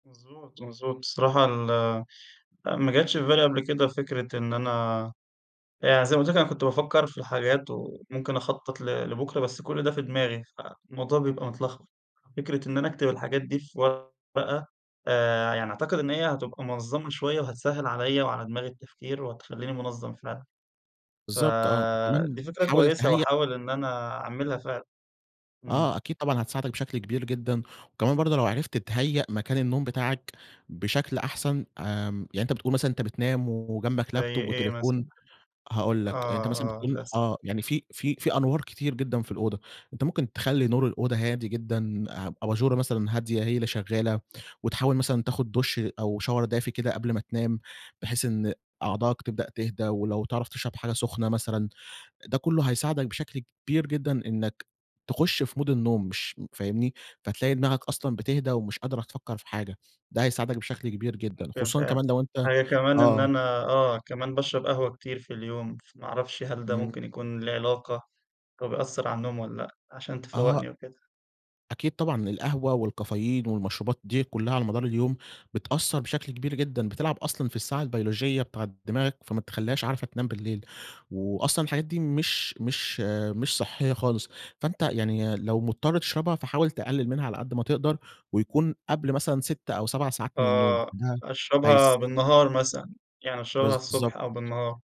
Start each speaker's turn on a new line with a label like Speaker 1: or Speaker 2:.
Speaker 1: مضبوط، مضبوط، الصراحة ال ما جاتش في بالي قبل كده فكرة إن أنا يعني زي ما قُلت لَك أنا كنت بافكر في الحاجات وممكن أخطط ل لبُكرة بس كل ده في دماغي، فالموضوع بيبقى متلخبط، فكرة إن أنا أكتب الحاجات دي في ورقة آآ، يعني أعتقد إن هي هتبقى منظّمة شوية وهتسهل عليَّ وعلى دماغي التفكير وهتخليني منظَّم فعلًا،
Speaker 2: بالضبط آه، وكمان
Speaker 1: فدي فكرة
Speaker 2: حاول
Speaker 1: كويسة
Speaker 2: تهيّأ
Speaker 1: وهاحاول إن أنا أعملها فعلًا، إمم.
Speaker 2: آه، أكيد طبعًا هتساعدَك بشكل كبير جدًا، وكمان برضه لو عرفت تتهيّأ مكان النوم بتاعَك بشكل أحسن، آمم، يعني أنت بتقول مثلًا أنت بتنام وجنبَك
Speaker 1: زي
Speaker 2: لابتوب
Speaker 1: إيه
Speaker 2: وتليفون
Speaker 1: مثلًا؟
Speaker 2: هاقول لَك أنت
Speaker 1: آه،
Speaker 2: مثلًا
Speaker 1: آه،
Speaker 2: بتكون
Speaker 1: للأسف.
Speaker 2: آه، يعني في في في أنوار كتير جدًا في الأوضة، أنت ممكن تخلّي نور الأوضة هادي جدًا أ أباجورة مثلًا هادية هي اللي شغالة وتحاول مثلًا تاخد دُش أو شاور دافي كده قبل ما تنام بحيث إن أعضائَك تبدأ تهدى، ولو تعرف تشرب حاجة سخنة مثلًا ده كله هيساعدَك بشكل كبير جدًا إنَّك تخُش في مود النوم مش فاهمني؟ فتلاقي دماغّك أصلًا بتهدى ومش قادرة تفكَّر في حاجة، ده هيساعدَك بشكل كبير جدًا
Speaker 1: [unintelligible]
Speaker 2: خصوصًا
Speaker 1: فاهم،
Speaker 2: كمان لو أنت
Speaker 1: حاجة كمان إن
Speaker 2: آه.
Speaker 1: أنا آه، كمان باشرب قهوة كتير في اليوم، فما أعرفش هل ده
Speaker 2: إمم.
Speaker 1: ممكن يكون لي علاقة، وبيأثر علي النوم والّا لأ؟ علشان
Speaker 2: آه.
Speaker 1: تفوّقني وكده.
Speaker 2: أكيد طبعًا القهوة والكافيين والمشروبات دي كلها على مدار اليوم بتأثر بشكل كبير جدًا بتلعب أصلًا في الساعة البيولوجية بتاعة دماغك، فما بتخليهاش عارفة تنام بالليل وأصلًا الحاجات دي مش مش مش صحية خالص. فأنت يعني لو مضطر تشربها فحاول تقلل منها على قد ما تقدر، ويكون قبل مثلًا 6 أو 7 ساعات من النوم
Speaker 1: آه،
Speaker 2: ده
Speaker 1: أشربها
Speaker 2: هيس
Speaker 1: بالنهار مثلًا، يعني أشربها
Speaker 2: بالضبط
Speaker 1: الصبح أو بالنهار.